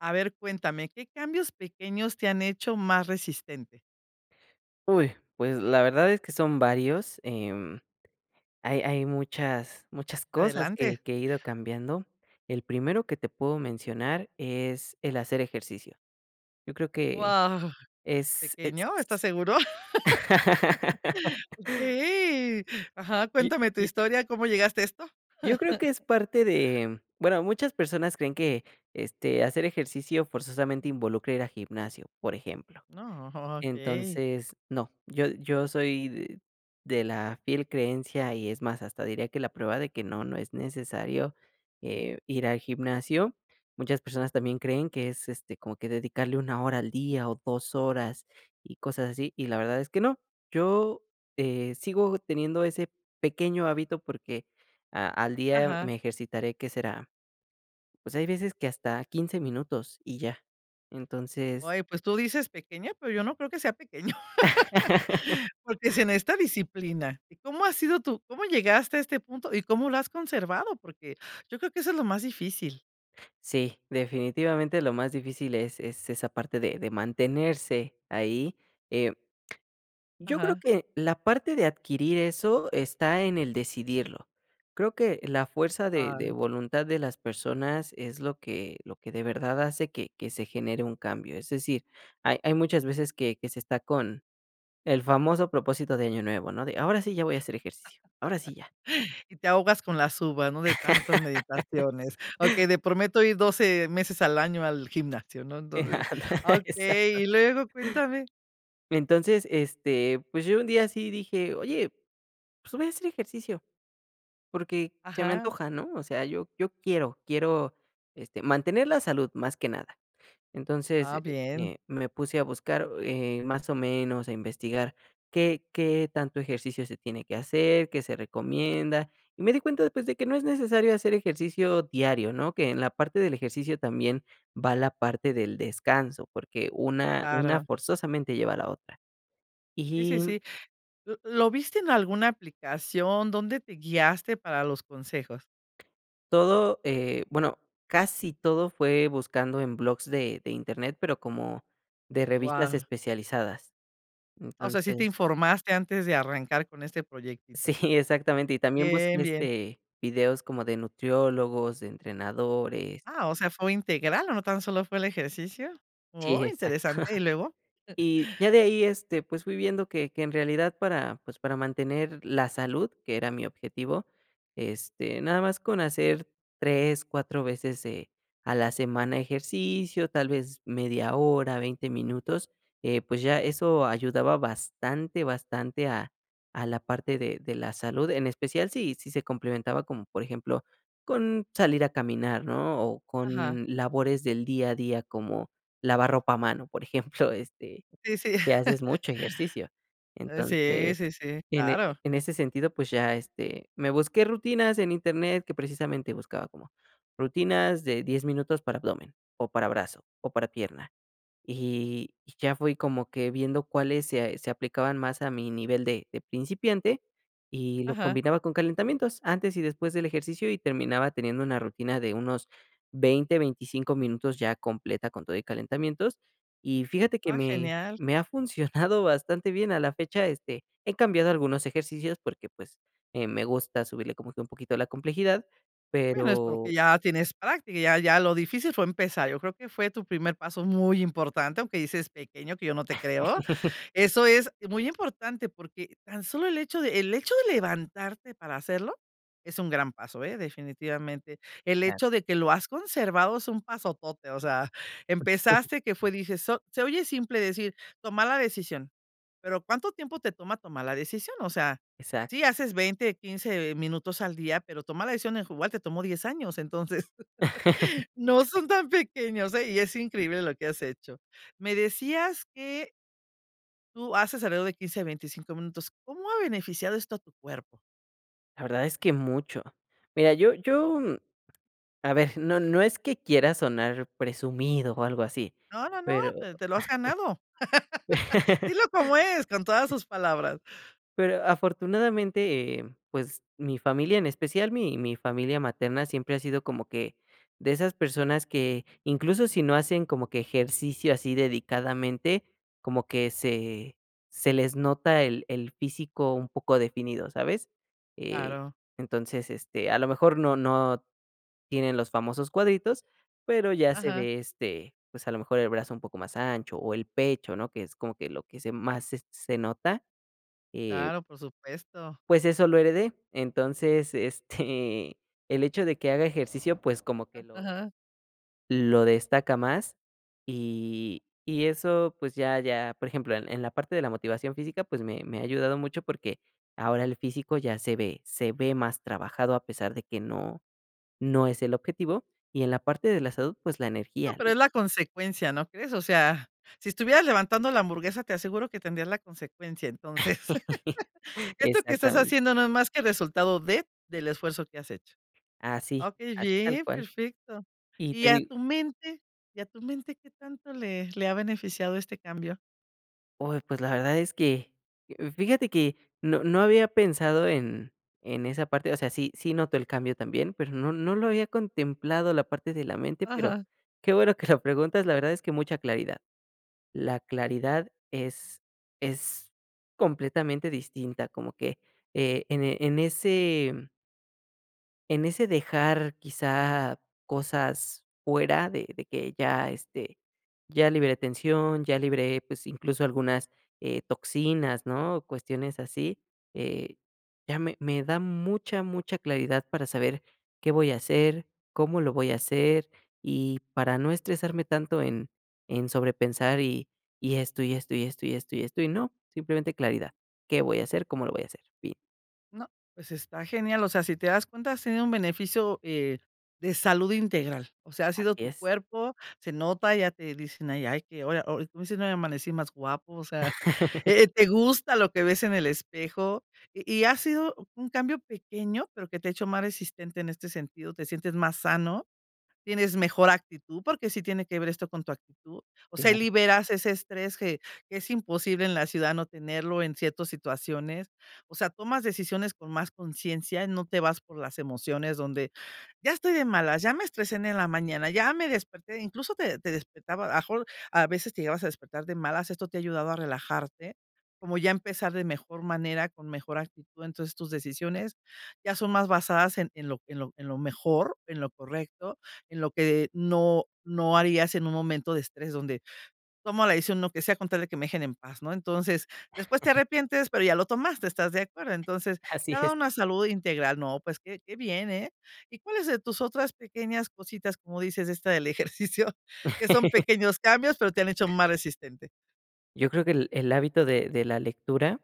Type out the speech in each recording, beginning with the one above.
A ver, cuéntame, ¿qué cambios pequeños te han hecho más resistente? Uy, pues, la verdad es que son varios, em, hay hay muchas muchas cosas que Adelante. que he ido cambiando. El primero que te puedo mencionar es el hacer ejercicio. Yo creo que Guau, es es ¿pequeño?, ¿estás seguro? Sí. Ajá, Y cuéntame tu y. historia, ¿cómo llegaste a esto? Yo creo que es parte de bueno, muchas personas creen que, este, hacer ejercicio forzosamente involucra ir a gimnasio, por ejemplo. No, oh, okey. Entonces, no, yo yo soy d de la fiel creencia y es más, hasta diría que la prueba de que no, no es necesario, eh, ir al gimnasio. Muchas personas también creen que es, este, como que dedicarle 1 hora al día o 2 horas y cosas así, y la verdad es que no. Yo, eh, sigo teniendo ese pequeño hábito porque a al día Ajá. me ejercitaré, ¿qué será? Pues, hay veces que hasta 15 minutos y ya. Entonces. Oye, pues, tú dices pequeña, pero yo no creo que sea pequeño. Porque se necesita disciplina, ¿y cómo ha sido tu cómo llegaste a este punto y cómo lo has conservado? Porque yo creo que eso es lo más difícil. Sí, definitivamente lo más difícil es es esa parte de de mantenerse ahí, eh, yo creo Ajá. que la parte de adquirir eso está en el decidirlo. Creo que la fuerza de de Ah. voluntad de las personas es lo que lo que de verdad hace que que se genere un cambio. Es decir, hay hay muchas veces que que se está con el famoso propósito de año nuevo, ¿no? De ahora sí ya voy a hacer ejercicio, ahora sí ya. Y te ahogas con las uvas, ¿no? De tantas meditaciones. Okey, de prometo ir 12 meses al año al gimnasio, ¿no? Entonces, Andale, exacto. okey, y luego cuéntame. Entonces este, pues, yo un día así dije, oye, pues, voy a hacer ejercicio porque se me Ajá. antoja, ¿no? O sea, yo yo quiero quiero este mantener la salud más que nada, entonces, Ah, eh bien. eh, me puse a buscar, eh, más o menos a investigar qué qué tanto ejercicio se tiene que hacer, qué se recomienda y me di cuenta, pues, de que no es necesario hacer ejercicio diario, ¿no?, que en la parte del ejercicio también va la parte del descanso porque una una Claro. forzosamente lleva a la otra. Sí, sí, Y. sí, ¿l lo viste en alguna aplicación, dónde te guiaste para los consejos? Todo, eh, bueno casi todo fue buscando en blogs de de internet pero como de revistas Guau. especializadas O sea, sí te entonces. informaste antes de arrancar con este Sí, proyectito. exactamente y también bus, Bien, bien. este, videos como de nutriólogos, de entrenadores. Ah, o sea, ¿fue integral no tan solo fue el ejercicio? Sí, Oh, exacto. interesante, ¿y luego? Y ya de ahí, este, pues, fui viendo que que en realidad para, pues, para mantener la salud que era mi objetivo, este, nada más con hacer 3, 4 veces, eh, a la semana ejercicio, tal vez media hora, 20 minutos, eh, pues, ya eso ayudaba bastante bastante a a la parte de de la salud, en especial si si se complementaba con, por ejemplo, con salir a caminar, ¿no?, o Ajá. con labores del día a día como lavar ropa a mano, por ejemplo, este, Sí, sí. que haces mucho ejercicio. Sí, Entonces sí, sí, en, eh, claro. en ese sentido, pues, ya, este, me busqué rutinas en internet que precisamente buscaba como rutinas de 10 minutos para abdomen o para brazo o para pierna. Y y ya fui como que viendo cuáles se se aplicaban más a mi nivel de de principiante y lo Ajá. combinaba con calentamientos antes y después del ejercicio y terminaba teniendo una rutina de unos 20, 25 minutos ya completa con todo y calentamientos y fíjate que Ah, me genial. me ha funcionado bastante bien a la fecha, este, he cambiado algunos ejercicios porque, pues, eh me gusta subirle como que un poquito la complejidad, Bueno, es pero. porque ya tienes práctica, ya ya lo difícil fue empezar, yo creo que fue tu primer paso muy importante, aunque dices pequeño, que yo no te creo, eso es muy importante porque tan solo el hecho de el hecho de levantarte para hacerlo es un gran paso, eh, definitivamente. El Claro. hecho de que lo has conservado es un pasotote, o sea, empezaste que fue dices, so se oye simple decir, toma la decisión. Pero, ¿cuánto tiempo te toma tomar la decisión? O sea, sí, Exacto. haces 20, 15 minutos al día, pero tomar la decisión hijo igual te tomó 10 años. Entonces, no son tan pequeños, eh, y es increíble lo que has hecho. Me decías que tú haces alrededor de 15 a 25 minutos. ¿Cómo ha beneficiado esto a tu cuerpo? La verdad es que mucho. Mira, yo yo a ver, no no es que quiera sonar presumido o algo así, No, no, no, pero te te lo has ganado. Dilo como es con todas sus palabras. pero afortunadamente, eh, pues mi familia, en especial mi mi familia materna, siempre ha sido como que de esas personas que, incluso si no hacen como que ejercicio así dedicadamente, como que se se les nota el el físico un poco definido, ¿sabes? Eh, Claro. entonces, este, a lo mejor no no tienen los famosos cuadritos, pero ya se Ajá. ve, este, pues, a lo mejor el brazo un poco más ancho, o el pecho, ¿no?, que es como que lo que se más se se nota, eh. Claro, por supuesto. Pues, eso lo heredé, entonces, este, el hecho de que haga ejercicio, pues, como Ah, que lo ajá. lo destaca más. Y y eso, pues ya ya por ejemplo, en en la parte de la motivación física, pues, me me ha ayudado mucho, porque ahora el físico ya se ve se ve más trabajado, a pesar de que no no es el objetivo, y en la parte de la salud, pues, la No, energía. pero es la consecuencia, ¿no crees? O sea, si estuvieras levantando la hamburguesa, te aseguro que tendrías la consecuencia. Entonces, esto que estás Exactamente. haciendo no es más que resultado de del esfuerzo que has hecho. Así, Okey, así tal bien, cual. perfecto. Y Y te a digo tu mente y a tu mente, ¿qué tanto le le ha beneficiado este cambio? Uy, pues, la verdad es que, fíjate que, no no había pensado en en esa parte o sea, sí, sí noto el cambio también, pero no no lo había contemplado, la parte de la mente, pero Ajá. qué bueno que lo preguntas, la verdad es que mucha claridad. La claridad es es completamente distinta, como que, eh, en en ese, mm en ese dejar, quizá, cosas fuera de de que ya, este, ya liberé tensión, ya liberé, pues, incluso, algunas, eh, toxinas, ¿no?, cuestiones así. Eh, ya me me da mucha, mucha claridad para saber qué voy a hacer, cómo lo voy a hacer y para no estresarme tanto en en sobrepensar, y y esto, y esto, y esto, y esto, y esto, y no, simplemente claridad, ¿qué voy a hacer? ¿Cómo lo voy a hacer?, bien. No, pues, está genial, o sea, si te das cuenta, has tenido un beneficio, eh, de salud integral. O sea, ha Así sido tu es. cuerpo, se nota, ya te dicen ahí: "Ay, que oye", o o como dices: "Hoy amanecí más guapo", o sea, eh, te gusta lo que ves en el espejo. Y y ha sido un cambio pequeño, pero que te ha hecho más resistente en este sentido, te sientes más sano, tienes mejor actitud, porque sí tiene que ver esto con tu actitud. O sea, ahí Claro. liberas ese estrés que que es imposible en la ciudad no tenerlo en ciertos situaciones. O sea, tomas decisiones con más conciencia, no te vas por las emociones donde, ya estoy de malas, ya me estresen en la mañana, ya me desperté, incluso, te te despertaba a lo mejor a veces te llegabas a despertar de malas. Esto te ha ayudado a relajarte, como ya empezar de mejor manera, con mejor actitud. Entonces, tus decisiones ya son más basadas en en lo en lo en lo mejor, en lo correcto, en lo que no no harías en un momento de estrés donde tomo la decisión, lo que sea con tal de que me dejen en paz, ¿no? Entonces, después te arrepientes, pero ya lo tomaste, ¿estás de acuerdo? Entonces, Así te da es. una salud integral. No, pues, qué qué bien, eh, ¿y cuáles de tus otras pequeñas cositas, como dices, esta del ejercicio?, que son pequeños cambios, pero te han hecho más resistente. Yo creo que el el hábito de de la lectura,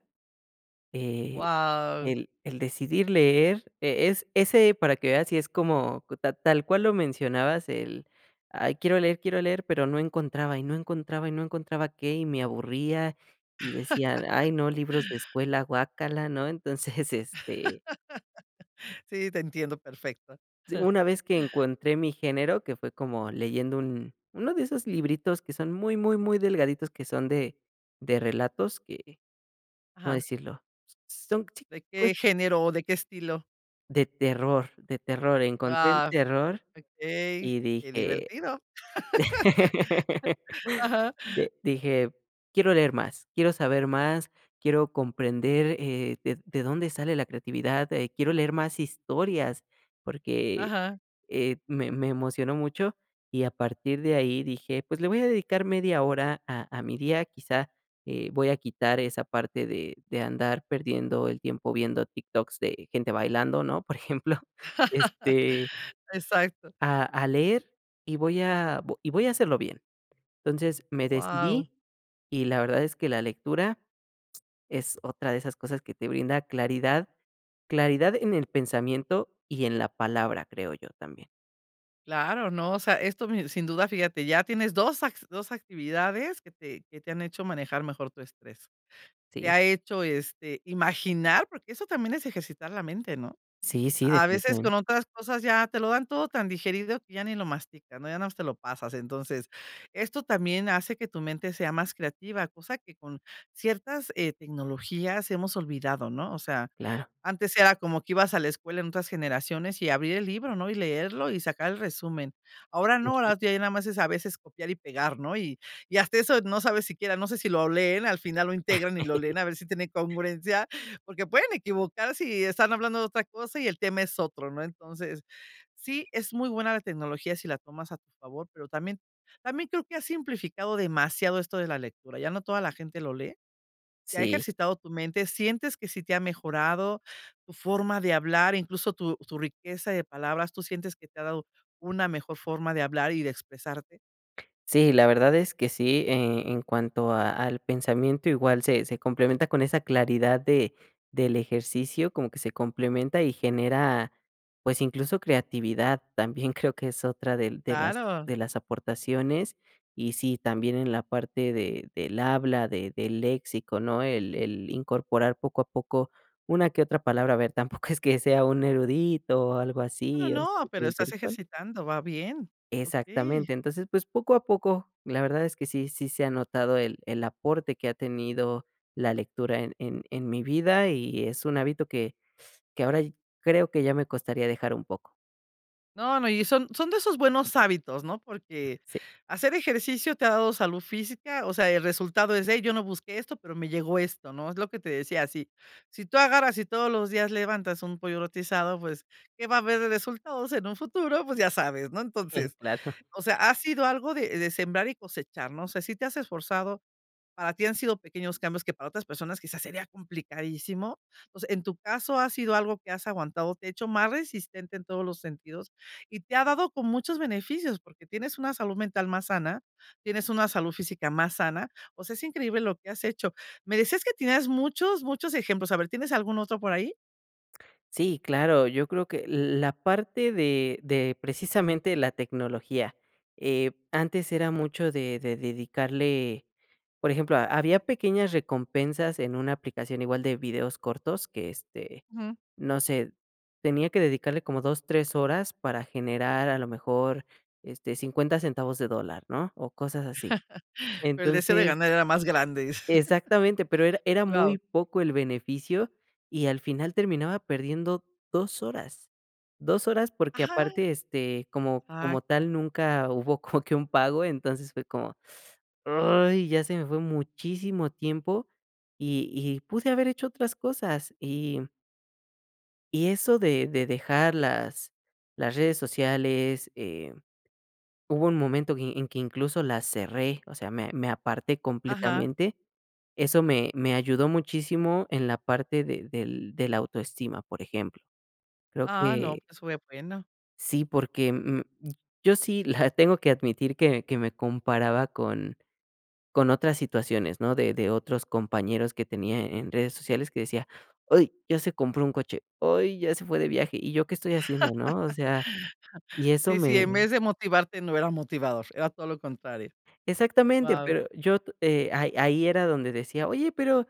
eh, Guau. el el decidir leer e es ese para que veas si es como ta tal cual lo mencionabas, el: "Ay quiero leer, quiero leer", pero no encontraba y no encontraba y no encontraba qué, y me aburría, y decía: "Ay no, libros de escuela, guácala", ¿no? Entonces, este. Sí, te entiendo perfecto. S una vez que encontré mi género, que fue como leyendo un uno de esos libritos que son muy, muy, muy delgaditos, que son de de relatos que, ¿cómo Ajá. decirlo? S son ¿De chicos. qué género o de qué estilo? De terror de terror encontré el Guau, terror okey, y qué dije, divertido. Ajá. de dije: "Quiero leer más, quiero saber más, quiero comprender, eh, ded de dónde sale la creatividad, eh, quiero leer más historias", porque, Ajá. eh, me me emocionó mucho y a partir de ahí dije: "Pues le voy a dedicar media hora a a mi día, quizá, eh, voy a quitar esa parte de de andar perdiendo el tiempo viendo TikToks de gente bailando, ¿no? Por ejemplo, este Exacto. a a leer, y voy a vo y voy a hacerlo bien, entonces me Guau. decidí y la verdad es que la lectura. Es otra de esas cosas que te brinda claridad, claridad en el pensamiento y en la palabra, creo yo también. Claro, ¿no? O sea, esto, me sin duda, fíjate, ya tienes 2 acti 2 actividades que te que te han hecho manejar mejor tu estrés. Te Sí. ha hecho, este, imaginar, porque eso también es ejercitar la mente, ¿no?, Sí, sí. a a veces Definitivamente. con otras cosas ya te lo dan todo tan digerido que ya ni lo mastican, ¿no? Ya nada más te lo pasas. Entonces, esto también hace que tu mente sea más creativa, cosa que, con ciertas, eh, tecnologías hemos olvidado, ¿no?, o sea, Claro. antes era como que ibas a la escuela en otras generaciones y abrir el libro, ¿no?, y leerlo y sacar el resumen. Ahora no, Ujú. ahora ya nada más es a veces copiar y pegar, ¿no? Y y hasta eso no sabes siquiera, no sé si lo leen, al final lo integran y lo leen, a ver si tiene congruencia, porque pueden equivocar si están hablando de otra cosa y el tema es otro, ¿no? Entonces, sí, es muy buena la tecnología si la tomas a tu favor, pero también también creo que ha simplificado demasiado esto de la lectura, ya no toda la gente lo lee. ¿Y ha Sí. ejercitado tu mente? ¿Sientes que sí te ha mejorado tu forma de hablar, incluso tu tu riqueza de palabras? ¿Tú sientes que te ha dado una mejor forma de hablar y de expresarte? Sí, la verdad es que sí, eh, en cuanto a al pensamiento, igual se se complementa con esa claridad de del ejercicio, como que se complementa y genera, pues, incluso creatividad, también creo que es otra de de las Claro. de las aportaciones. Y sí, también en la parte de del habla, de del léxico, ¿no?, el el incorporar, poco a poco, una que otra palabra, a ver, tampoco es que sea un erudito o algo No, así, o no, no, sea, pero estás intelectual. ejercitando, va bien. Okey. Exactamente, entonces, pues, poco a poco, la verdad es que sí, sí se ha notado el el aporte que ha tenido la lectura en en en mi vida y es un hábito que que ahora ya creo que ya me costaría dejar un poco. No, no, y son son de esos buenos hábitos, ¿no? Porque Sí. hacer ejercicio te ha dado salud física, o sea, el resultado es de: "Yo no busqué esto, pero me llegó esto", ¿no?, es lo que te decía si si tú agarras y todos los días levantas un pollo rostizado, pues, qué va a haber de resultados en un futuro, pues, ya sabes, ¿no? Entonces, Claro. o sea, ha sido algo de de sembrar y cosechar, ¿no? O sea, si te has esforzado, para ti han sido pequeños cambios que para otras personas quizás sería complicadísimo. Pues, en tu caso, ha sido algo que has aguantado, te ha hecho más resistente en todos los sentidos y te ha dado como muchos beneficios, porque tienes una salud mental más sana, tienes una salud física más sana. O sea, es increíble lo que has hecho. Me decías que tienes muchos, muchos ejemplos. A ver, ¿tienes algún otro por ahí? Sí, claro, yo creo que l la parte de de precisamente la tecnología, eh, antes era mucho de de dedicarle por ejemplo, había pequeñas recompensas en una aplicación igual de videos cortos que, este, Ujú. no sé, tenía que dedicarle como 2, 3 horas para generar a lo mejor, este, 50 centavos de dólar, ¿no?, o cosas así. Pero el deseo de Entonces ganar era más grande, exactamente, pero era era muy wao. poco el beneficio, y al final terminaba perdiendo 2 horas, 2 horas, porque Ajá. aparte, este, como como Exacto. tal nunca hubo como que un pago, entonces fue como: "Ay, ya se me fue muchísimo tiempo", y y pude haber hecho otras cosas, y y eso de de dejar las las redes sociales, eh, hubo un momento que en que, incluso, las cerré. O sea, me me aparté Ajá. completamente, eso me me ayudó muchísimo en la parte de del de la autoestima, por ejemplo, creo Ah no, que pues, fue bueno. sí, porque, mm, yo sí la tengo que admitir que que me comparaba con con otras situaciones, ¿no?, de de otros compañeros que tenía en redes sociales que decía: "Uy, ya se compró un coche, uy, ya se fue de viaje, ¿y yo qué estoy haciendo?", ¿no?, o sea, y eso Sí, sí, en me vez de motivarte no era motivador, era todo lo contrario, Exactamente, wao. pero yo t eh, ahí ahí era donde decía: "Oye, pero,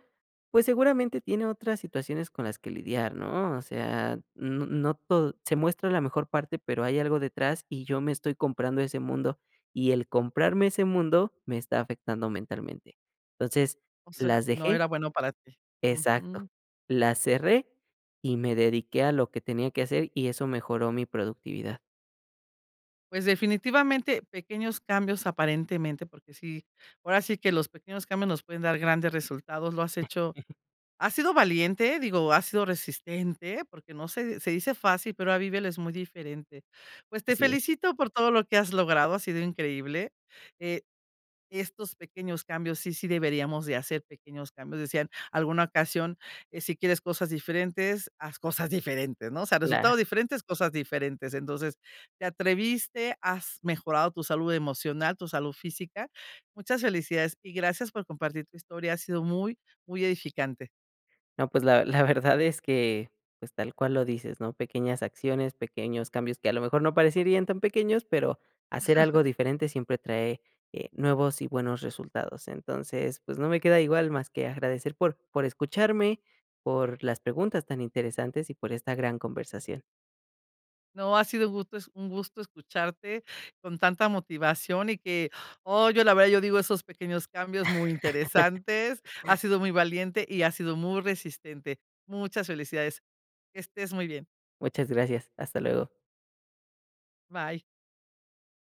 pues, seguramente tiene otras situaciones con las que lidiar, ¿no?", o sea, n no todo se muestra la mejor parte, pero hay algo detrás. Y yo me estoy comprando ese mundo, y el comprarme ese mundo me está afectando mentalmente, entonces, O sea, las no dejé era bueno para ti, exacto, ujú. las cerré, y me dediqué a lo que tenía que hacer, y eso mejoró mi productividad. Pues, definitivamente, pequeños cambios aparentemente, porque sí, ahora sí que los pequeños cambios nos pueden dar grandes resultados, lo has hecho has sido valiente, digo, has sido resistente porque no, se se dice fácil, pero ahora vívelo, es muy diferente. Pues, te Así es. felicito por todo lo que has logrado, ha sido increíble, eh, estos pequeños cambios sí sí deberíamos de hacer pequeños cambios. Decían alguna ocasión: "Si quieres cosas diferentes, haz cosas diferentes", ¿no? O sea, resultados Claro. diferentes, cosas diferentes. Entonces, te atreviste, has mejorado tu salud emocional, tu salud física, muchas felicidades y gracias por compartir tu historia, ha sido muy, muy edificante. No, pues, la la verdad es que, pues, tal cual lo dices, ¿no?, pequeñas acciones, pequeños cambios que a lo mejor no parecerían tan pequeños, pero hacer algo diferente siempre trae, eh, nuevos y buenos resultados. Entonces, pues, no me queda igual más que agradecer por por escucharme, por las preguntas tan interesantes y por esta gran conversación. No, ha sido gusto es un gusto escucharte con tanta motivación. Y que, oh, yo la verdad, yo digo esos pequeños cambios muy interesantes, has sido muy valiente y has sido muy resistente, muchas felicidades, que estés muy bien. Muchas gracias, hasta luego. Bye.